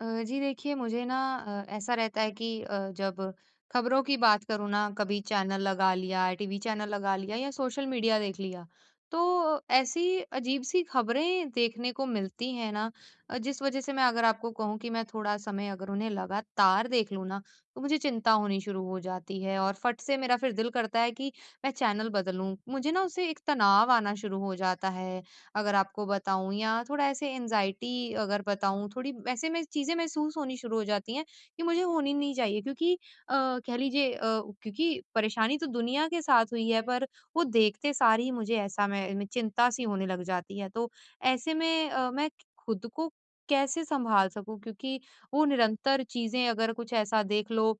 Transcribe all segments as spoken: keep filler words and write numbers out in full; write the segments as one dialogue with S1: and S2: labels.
S1: अ, जी देखिए मुझे ना अ, ऐसा रहता है कि अ, जब खबरों की बात करूँ ना कभी चैनल लगा लिया, टीवी चैनल लगा लिया या सोशल मीडिया देख लिया, तो ऐसी अजीब सी खबरें देखने को मिलती हैं ना अ, जिस वजह से मैं अगर आपको कहूँ कि मैं थोड़ा समय अगर उन्हें लगातार देख लूँ ना तो मुझे चिंता होनी शुरू हो जाती है और फट से मेरा फिर दिल करता है कि मैं चैनल बदलूँ। मुझे ना उसे एक तनाव शुरू हो जाता है अगर आपको बताऊँ या थोड़ा ऐसे एंग्जायटी अगर बताऊँ थोड़ी ऐसे मैं चीज़ें महसूस होनी शुरू हो जाती हैं कि मुझे होनी नहीं चाहिए क्योंकि अ, कह लीजिए अ, क्योंकि परेशानी तो दुनिया के साथ हुई है पर वो देखते सार ही मुझे ऐसा मैं चिंता सी होने लग जाती है। तो ऐसे में अ, मैं खुद को कैसे सँभाल सकूँ क्योंकि वो निरंतर चीज़ें अगर कुछ ऐसा देख लो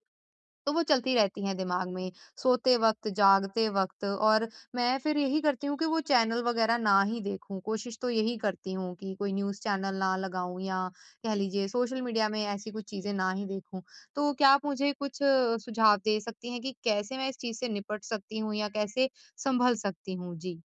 S1: तो वो चलती रहती हैं दिमाग में सोते वक़्त जागते वक़्त और मैं फिर यही करती हूँ कि वो चैनल वगैरह ना ही देखूँ कोशिश तो यही करती हूँ कि कोई न्यूज़ चैनल ना लगाऊँ या कह लीजिए सोशल मीडिया में ऐसी कुछ चीज़ें ना ही देखूँ। तो क्या आप मुझे कुछ सुझाव दे सकती हैं कि कैसे मैं इस चीज़ से निपट सकती हूँ या कैसे सँभल सकती हूँ? जी।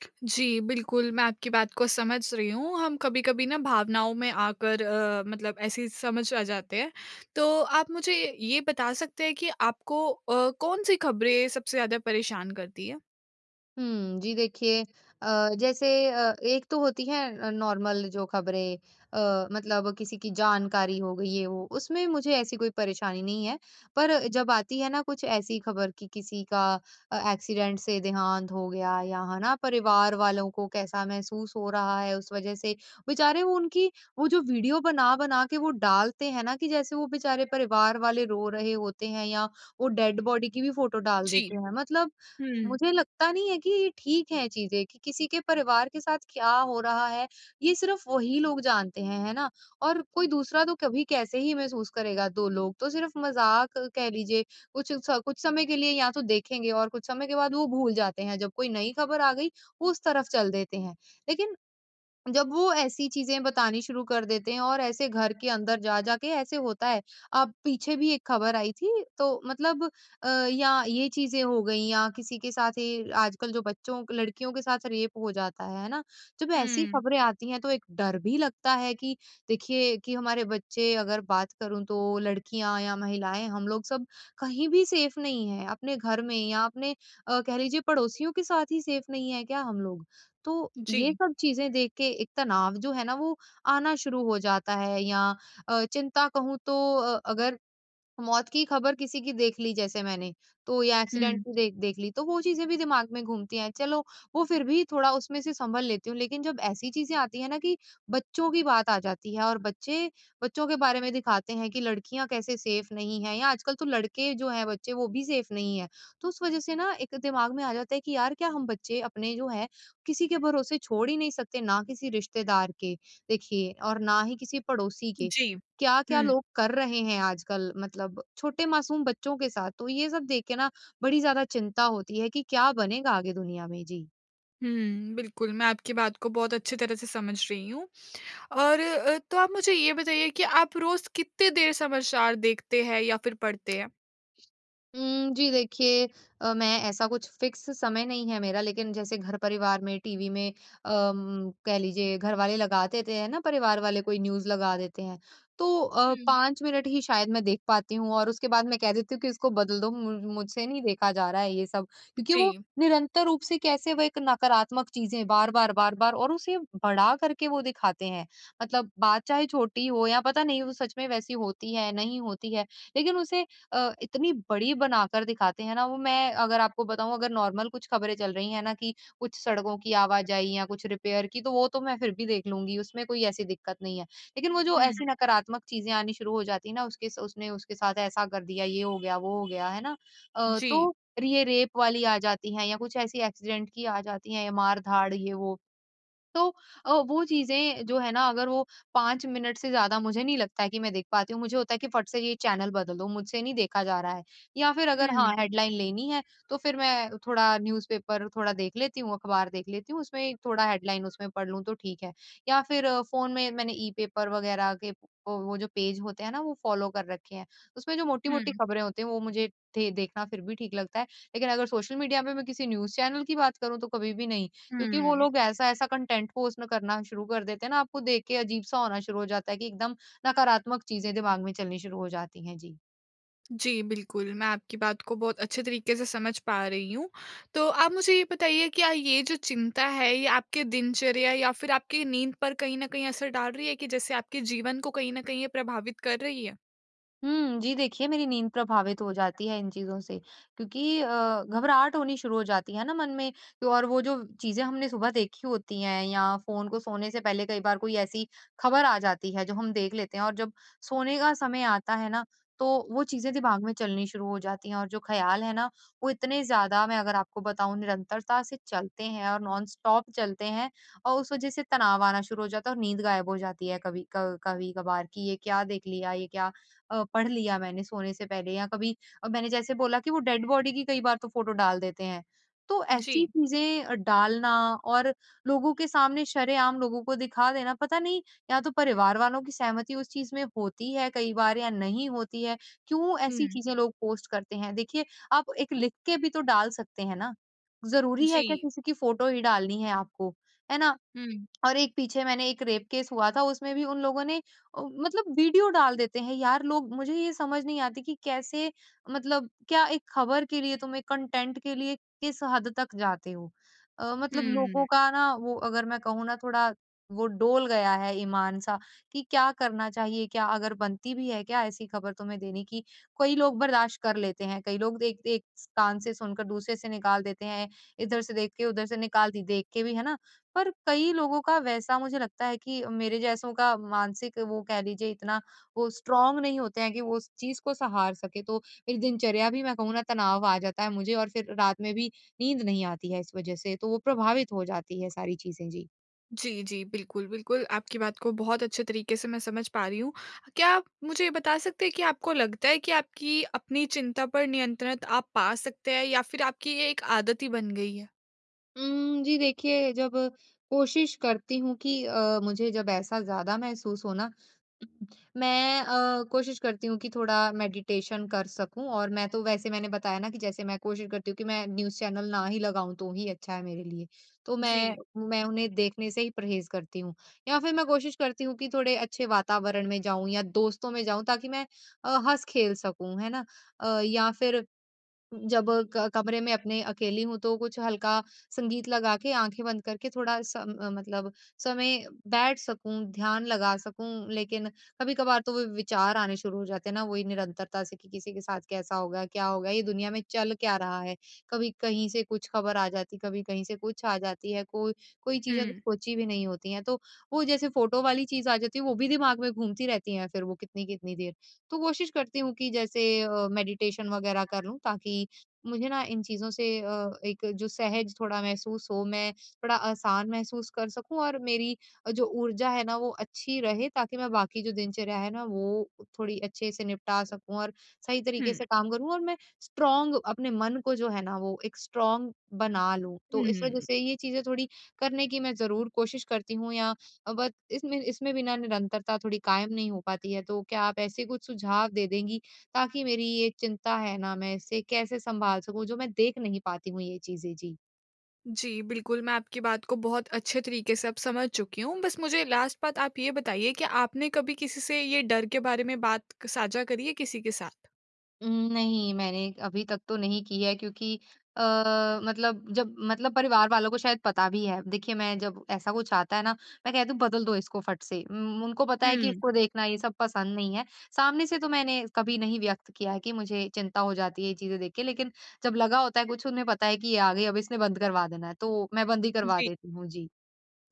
S2: जी, बिल्कुल मैं आपकी बात को समझ रहीं हूँ। हम कभी-कभी ना भावनाओं में आकर अ, मतलब ऐसे समझ आ जाते हैं। तो आप मुझे ये बता सकते हैं कि आपको अ, कौन-सी खबरें सबसे ज़्यादा परेशान करती हैं?
S1: हुँ, जी देखिए अ, जैसे अ, एक तो होती है नॉर्मल जो खबरें अ, मतलब किसी की जानकारी हो गई ये-वो उसमें मुझे ऐसी कोई परेशानी नहीं है पर जब आती है ना कुछ ऐसी खबर कि किसी का अ, एक्सीडेंट से देहांत हो गया या है ना? परिवार वालों को कैसा महसूस हो रहा है उस वजह से बेचारे वो उनकी वो जो वीडियो बना-बना के वो डालते हैं ना कि जैसे वो बेचारे परिवार वाले रो रहे होते हैं या वो डेड बॉडी की भी फोटो डाल
S2: जी।
S1: देते हैं मतलब
S2: हुँ।
S1: मुझे लगता नहीं है कि ये ठीक है चीज़ें कि किसी के परिवार के साथ क्या हो रहा है ये सिर्फ़ वही लोग जानते हैं, है ना? और कोई दूसरा तो कभी कैसे ही महसूस करेगा? दो लोग तो सिर्फ़ मज़ाक कह लीजिए कुछ स कुछ समय के लिए या तो देखेंगे और कुछ समय के बाद वो भूल जाते हैं जब कोई नई खबर आ गई उस तरफ चल देते हैं। लेकिन, जब वो ऐसी चीज़ें बतानी शुरू कर देते हैं और ऐसे घर के अंदर जा-जा के ऐसे होता है अब पीछे भी एक खबर आई थी तो मतलब अ, या ये चीज़ें हो गई या किसी के साथ ये आजकल जो बच्चों लड़कियों के साथ रेप हो जाता है है ना, जब ऐसी
S2: हुँ।
S1: खबरें आती हैं तो एक डर भी लगता है कि देखिए कि हमारे बच्चे अगर बात करूँ तो लड़कियाँ या महिलाएँ हम लोग सब कहीं भी सेफ नहीं हैं अपने घर में या अपने अ, कह लीजिए पड़ोसियों के साथ ही सेफ़ नहीं है क्या हम लोग? तो ये
S2: जी।
S1: सब चीज़ें देख के एक तनाव जो है ना वो आना शुरू हो जाता है या अ, चिंता कहूँ तो अ, अगर मौत की खबर किसी की देख ली जैसे मैंने तो या एक्सीडेंट
S2: हुँ।
S1: की देख देख ली तो वो चीज़ें भी दिमाग में घूमती हैं। चलो वो फिर भी थोड़ा उसमें से सँभल लेती हूँ लेकिन जब ऐसी चीज़ें आती हैं ना कि बच्चों की बात आ जाती है और बच्चे बच्चों के बारे में दिखाते हैं कि लड़कियाँ कैसे सेफ नहीं हैं या आजकल तो लड़के जो हैं बच्चे वो भी सेफ़ नहीं हैं। तो उस वजह से ना एक दिमाग में आ जाता है कि यार क्या हम बच्चे अपने जो हैं किसी के भरोसे छोड़ ही नहीं सकते? ना किसी रिश्तेदार के देखिए और ना ही किसी पड़ोसी के
S2: जी।
S1: क्या-क्या
S2: हुँ।
S1: लोग कर रहे हैं आजकल मतलब छोटे मासूम बच्चों के साथ तो ये सब देख के ना बड़ी ज़्यादा चिंता होती है कि क्या बनेगा आगे दुनिया में, जी।
S2: हुँ, बिल्कुल मैं आपकी बात को बहुत अच्छी तरह से समझ रही हूँ। और अ, तो आप मुझे ये बताइए कि आप रोज़ किते देर समाचार देखते हैं या फ़िर पढ़ते हैं?
S1: उम, जी, देखिए अ, मैं ऐसा कुछ फ़िक्स समय नहीं है मेरा लेकिन जैसे घर-परिवार में टीवी में अम, कह लीजिए घर वाले लगा देते हैं ना परिवार वाले कोई न्यूज़ लगा देते हैं। तो अ,
S2: हुँ।
S1: पाँच मिनट ही शायद मैं देख पाती हूँ, और उसके बाद मैं कह देती हूँ कि इसको बदल दो। मु मुझसे नहीं देखा जा रहा है ये सब क्योंकि, वो
S2: जी।
S1: निरंतर रूप से कैसे वो एक नकारात्मक चीज़ें बार-बार, बार-बार और उसे बड़ा कर के वो दिखाते हैं। मतलब, बात चाहे छोटी हो या पता नहीं वो सच में वैसी होती है नहीं होती है लेकिन उसे अ, इतनी बड़ी बनाकर दिखाते हैं ना वो मैं अगर आपको बताऊँ अगर नॉर्मल कुछ ख़बरें चल रही हैं ना कि कुछ सड़कों की आवाजाही या कुछ रिपेयर की तो वो तो मैं फ़िर भी देख लूँगी उसमें कोई ऐसी दिक़्क़त नहीं है। लेकिन वो जो
S2: हुँ।
S1: ऐसी नकारात्मक चीज़ें आनी शुरू हो जाती है ना उसके उसने उसके साथ ऐसा कर दिया, ये हो गया वो हो गया, है ना? अ,
S2: जी।
S1: तो रि ये रेप वाली आ जाती हैं या कुछ ऐसी एक्सीडेंट की आ जाती हैं या मार-धाड़ ये वो तो अ, वो चीजें जो हैं ना अगर वो पाँच मिनट से ज़्यादा मुझे नहीं लगता है कि मैं देख पाती हूँ। मुझे होता है कि फट से ये चैनल बदल दो मुझसे नहीं देखा जा रहा है। या फ़िर अगर हाँ
S2: हुँ।
S1: हेडलाइन लेनी है तो फ़िर मैं थोड़ा न्यूज़ पेपर थोड़ा देख लेती हूँ, अख़बार देख लेती हूँ। उसमें थोड़ा हेडलाइन उसमें पढ़ लूँ तो ठीक है। या फ़िर फ़ोन में मैंने ई पेपर वग़ैरह के वो जो पेज होते हैं ना वो फ़ॉलो कर रखे हैं। उसमें जो मोटी-मोटी
S2: हुँ।
S1: ख़बरें होती हैं वो मुझे दे देखना फ़िर भी ठीक लगता है। लेकिन अगर सोशल मीडिया पे मैं किसी न्यूज़ चैनल की बात करूँ तो कभी भी नहीं। क्योंकि वो
S2: हुँ।
S1: लोग ऐसा-ऐसा कंटेंट पोस्ट में करना शुरू कर देते हैं ना आपको देख के अजीब-सा होना शुरू हो जाता है कि एकदम नकारात्मक चीज़ें दिमाग़ में चलनी शुरू हो जाती हैं। जी।
S2: जी, बिल्कुल मैं आपकी बात को बहुत अच्छे तरीके से समझ पा रही हूँ। तो आप मुझे ये बताइए क्या ये जो चिंता है ये आपके दिनचर्या या फिर आपकी नींद पर कहीं न कहीं असर डाल रही है कि जैसे आपके जीवन को कहीं न कहीं ये प्रभावित कर रही है?
S1: हुँ, जी देखिए मेरी नींद प्रभावित हो जाती है इन चीज़ों से, क्योंकि अ, घबराहट होनी शुरू हो जाती है ना मन में तो और वो जो चीज़ें हमने सुबह देखी होती हैं या फ़ोन को सोने से पहले कई बार कोई ऐसी खबर आ जाती है जो हम देख लेते हैं और जब सोने का समय आता है ना, तो वो चीज़ें दिमाग में चलनी शुरू हो जाती हैं और जो ख़्याल है ना वो इतने ज़्यादा मैं अगर आपको बताऊँ निरंतरता से चलते हैं और नॉनस्टॉप चलते हैं और उस वजह से तनाव आना शुरू हो जाता है और नींद गायब हो जाती है कभी क कभी-कभार कि ये क्या देख लिया? ये क्या अ, पढ़ लिया मैंने सोने से पहले? या कभी अ, मैंने जैसे बोला कि वो डेड बॉडी की कई बार तो फ़ोटो डाल देते हैं। तो ऐसी अ,
S2: जी।
S1: चीज़ें डालना और लोगों के सामने शरेआम लोगों को दिखा देना, पता नहीं या तो परिवार वालों की सहमति उस चीज़ में होती है कई बार या नहीं होती है। क्यों ऐसी
S2: हुँ।
S1: चीज़ें लोग पोस्ट करते हैं? देखिए आप एक लिख के भी तो डाल सकते हैं ना। ज़रूरी है क्या
S2: जी।
S1: किसी की फोटो ही डालनी है आपको? है ना
S2: हुँ।
S1: और एक पीछे मैंने एक रेप केस हुआ था उसमें भी उन लोगों ने अ, मतलब वीडियो डाल देते हैं यार लोग। मुझे ये समझ नहीं आती कि कैसे? मतलब क्या एक खबर के लिए तुम एक कंटेंट के लिए किस हद तक जाते हो? अ, मतलब लोगों
S2: हुँ।
S1: का ना वो अगर मैं कहूँ ना थोड़ा वो डोल गया है ईमान सा, कि क्या करना चाहिए क्या अगर बनती भी है क्या ऐसी खबर तुम्हें देने की? कई लोग बर्दाश कर लेते हैं। कई लोग देखते एक स कान से सुनकर दूसरे से निकाल देते हैं इधर से देख के उधर से निकाल दी देख के भी, है ना? पर कई लोगों का वैसा मुझे लगता है कि मेरे जैसों का मानसिक वो कह लीजिए इतना वो स्ट्रांग नहीं होते हैं कि वो उस चीज़ को सहार सके। तो एक दिनचर्या भी मैं कहूँ ना तनाव आ जाता है मुझे और फिर रात में भी नींद नहीं आती है इस वजह से। तो वो प्रभावित हो जाती है सारी चीज़ें जी।
S2: जी, जी। बिल्कुल, बिल्कुल आपकी बात को बहुत अच्छे तरीके से मैं समझ पा रही हूँ। क्या आप मुझे ये बता सकते हैं कि आपको लगता है कि आपकी अपनी चिंता पर नियंत्रण आप पा सकते हैं या फ़िर आपकी ये एक आदत ही बन गई है?
S1: उम, जी देखिए, जब कोशिश करती हूँ कि अ, मुझे जब ऐसा ज़्यादा महसूस हो ना मैं अ, कोशिश करती हूँ कि थोड़ा मेडिटेशन कर सकूँ। और मैं तो वैसे मैंने बताया ना कि जैसे मैं कोशिश करती हूँ कि मैं न्यूज़ चैनल ना ही लगाऊँ तो ही अच्छा है मेरे लिए। तो मैं
S2: जी।
S1: मैं उन्हें देखने से ही परहेज़ करती हूँ, या फ़िर मैं कोशिश करती हूँ कि थोड़े अच्छे वातावरण में जाऊँ या दोस्तों में जाऊँ, ताकि मैं अ, हँस-खेल सकूँ। है ना? अ, या फ़िर जब क कमरे में अपने अकेली हूँ तो कुछ हल्का संगीत लगा के, आँखें बंद करके थोड़ा-सा म मतलब समय बैठ सकूँ, ध्यान लगा सकूँ। लेकिन कभी-कभार तो व विचार आने शुरू हो जाते हैं ना, वो ही निरंतरता से कि किसी के साथ कैसा होगा, क्या होगा? ये दुनिया में चल क्या रहा है, कभी कहीं से कुछ ख़बर आ जाती है, कभी कहीं से कुछ आ जाती है। कोई कोई चीज़ें अगर
S2: हुँ।
S1: सोच भी नहीं होती है, तो वो जैसे फ़ोटो वाली चीज़ आ जाती है वो भी दिमाग में घूमती रहती है, फ़िर वो कितनी-कितनी देर। तो कोशिश करती हूँ कि जैसे अ, मेडिटेशन वग़ैरह करूँ ताकि मुझे ना इन चीज़ों से अ, एक जो सहज थोड़ा महसूस हो, मैं थोड़ा आसान महसूस कर सकूँ और मेरी अ, जो ऊर्जा है ना वो अच्छी रहे। ताकि मैं बाकी जो दिनचर्या है ना, वो थोड़ी अच्छे से निपटा सकूँ और सही तरीके
S2: हुँ।
S1: से काम करूँ। और मैं स्ट्रॉन्ग अपने मन को जो है ना वो एक स्ट्रॉन्ग बना लूँ।
S2: हुँ,
S1: तो इस वज़ह
S2: हुँ।
S1: से ये चीज़ें थोड़ी करने की मैं ज़रूर कोशिश करती हूँ या बट इसमें इसमें भी ना निरंतरता थोड़ी कायम नहीं हो पाती है। तो क्या आप ऐसे कुछ सुझाव दे देंगी? ताकि मेरी ये चिंता है ना, मैं इसे कैसे संभाल सकूँ जो मैं देख नहीं पाती हूँ ये चीज़ें। जी।
S2: जी बिल्कुल, मैं आपकी बात को बहुत अच्छे तरीके से अब समझ चुकी हूँ। बस मुझे लास्ट बात आप ये बताइए, क्या आपने कभी किसी से ये डर के बारे में बात क साझा करी है किसी के साथ?
S1: उ, नहीं मैंने अभी तक तो नहीं की है क्योंकि अ, मतलब जब मतलब परिवार वालों को शायद पता भी है देखिए मैं जब ऐसा कुछ आता है ना? मैं कहती हूँ बदल दो इसको फट से उन उनको पता है कि
S2: हुँ।
S1: उसको देखना ये सब पसंद नहीं है। सामने से तो मैंने कभी नहीं व्यक्त किया है कि मुझे चिंता हो जाती है, ये चीज़ें देख के लेकिन जब लगा होता है कुछ उन्हें पता है कि ये आ गई अब इसने बंद करवा देना है तो मैं बंद ही करवा
S2: जी।
S1: देती हूँ। जी।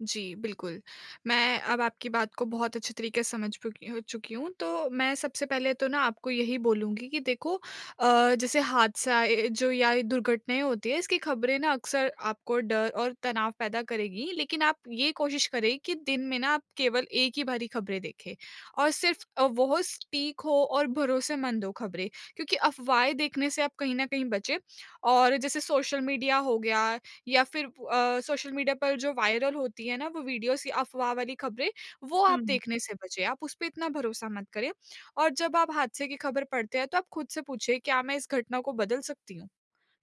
S2: जी, बिल्कुल। मैं अब आपकी बात को बहुत अच्छे तरीके से समझ चुकी हूँ चुकी हूँ। तो मैं सबसे पहले तो ना आपको यही बोलूँगी कि देखो अ, जैसे हादसा ए, जो या ये दुर्घटनाएँ होती हैं, इसकी ख़बरें ना अक्सर आपको डर और तनाव पैदा करेगी, लेकिन आप ये कोशिश करें कि दिन में ना आप केवल एक ही बारी ख़बरें देखें और सिर्फ अ, वोह स्पीक हो और भरोसेमंद हो ख़बरें। क्योंकि अफ़वाहें देखने से आप कहीं न कहीं बचें। और जैसे सोशल मीडिया हो गया या फिर अ, सोशल मीडिया पर जो वायरल होती हैं ना वो वीडियोज़ कि अफ़वाह वाली खबरें? वो आप
S1: हुँ।
S2: देखने से बचें। आप उसपे इतना भरोसा मत करें। और जब आप हादसे की ख़बर पढ़ते हैं तो आप खुद से पूछिए क्या मैं इस घटना को बदल सकती हूँ?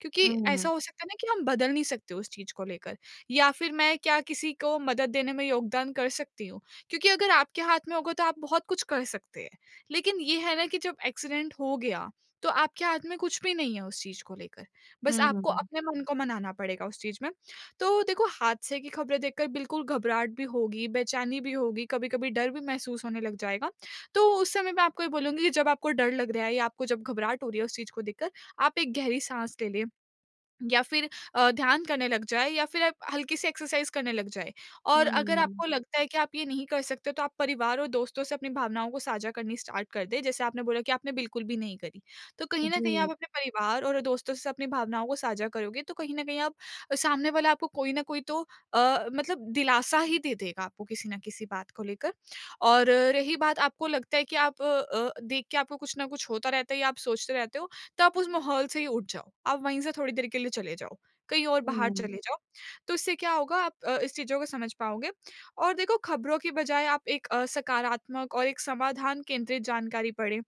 S2: क्योंकि ऐसा
S1: हुँ।
S2: हो सकता है ना कि हम बदल नहीं सकते उस चीज़ को लेकर या फिर मैं क्या किसी को मदद देने में योगदान कर सकती हूँ? क्योंकि अगर आपके हाथ में होगा तो आप बहुत कुछ कर सकते हैं। लेकिन ये है ना कि जब एक्सीडेंट हो गया तो आपके हाथ में कुछ भी नहीं है उस चीज़ को लेकर। बस आपको
S1: हुँ।
S2: अपने मन को मनाना पड़ेगा उस चीज़ में। तो देखो हादसे की ख़बरें देखकर बिल्कुल घबराहट भी होगी, बेचैनी भी होगी, कभी-कभी डर भी महसूस होने लग जाएगा। तो उस समय मैं आपको ये बोलूँगी कि जब आपको डर लग रहा है या आपको जब घबराहट हो रही है उस चीज़ को देखकर आप एक गहरी साँस ले लें। या फिर अ, ध्यान करने लग जाएँ या फिर आप हल्की-सी एक्सरसाइज़ करने लग जाए। और अगर
S1: हुँ।
S2: आपको लगता है कि आप ये नहीं कर सकते तो आप परिवार और दोस्तों से अपनी भावनाओं को साझा करनी स्टार्ट कर दें। जैसे आपने बोला कि आपने बिल्कुल भी नहीं करी। तो कहीं न कहीं आप
S1: जी।
S2: अपने परिवार और दोस्तों से अपनी भावनाओं को साझा करोगे तो कहीं न कहीं आप सामने वाला आपको कोई न कोई तो अ, मतलब दिलासा ही दे देगा आपको किसी न किसी बात को लेकर। और रही बात आपको लगता है कि आप अ, देख के आपको कुछ न कुछ होता रहता है या आप सोचते रहते हो तो आप उस माहौल से ही उठ जाओ। आप वहीं से थोड़ी देर के लिए चले जाओ, कहीं और बाहर
S1: हुँ।
S2: चले जाओ। तो इससे क्या होगा? आप अ, इस चीज़ों को समझ पाओगे। और देखो ख़बरों की बज़ाय आप एक अ, सकारात्मक और एक समाधान केंद्रित जानकारी पढ़ें।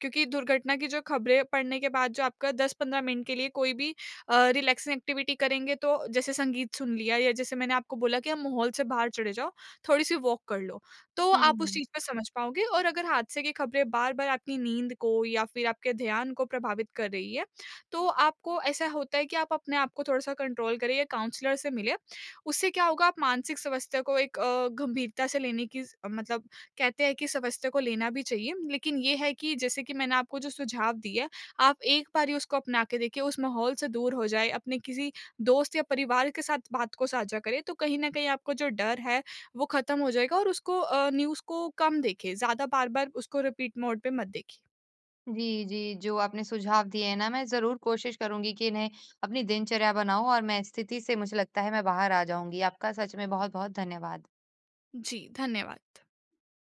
S2: क्योंकि दुर्घटना की जो ख़बरें पढ़ने के बाद जो आपका दस पंद्रह मिनट के लिए कोई भी अ, रिलैक्सिंग एक्टिविटी करेंगे तो जैसे संगीत सुन लिया या जैसे मैंने आपको बोला कि आप माहौल से बाहर चले जाओ, थोड़ी-सी वॉक कर लो। तो आप उस
S1: हुँ।
S2: चीज को समझ पाओगे और अगर हादसे की ख़बरें बार-बार आपकी नींद को या फिर आपके ध्यान को प्रभावित कर रही है। तो आपको ऐसा होता है कि आप अपने आप को थोड़ा-सा कंट्रोल करें या काउंसलर से मिलें। उससे क्या होगा आप मानसिक समस्या को एक अ, गंभीरता से लेने की मतलब कहते हैं कि समस्या को लेना भी चाहिए। लेकिन ये है कि जैसे कि मैंने आपको जो सुझाव दिए हैं, आप एक बारी उसको अपना के देखिए, उस माहौल से दूर हो जाएँ, अपने किसी दोस्त या परिवार के साथ बात को साझा करें तो कहीं न कहीं आपका जो डर है वो ख़त्म हो जाएगा और उसको अ, न्यूज़ को कम देखें। ज़्यादा बार-बार उसको रिपीट मोडे पे मत देखिए।
S1: जी, जी। जो आपने सुझाव दिए हैं ना मैं ज़रूर कोशिश करूँगी कि इन्हें अपनी दिनचर्या बनाऊँ और मैं स्थिति से मुझे लगता है मैं बाहर आ जाऊँगी। आपका सच में बहुत-बहुत धन्यवाद।
S2: जी, धन्यवाद।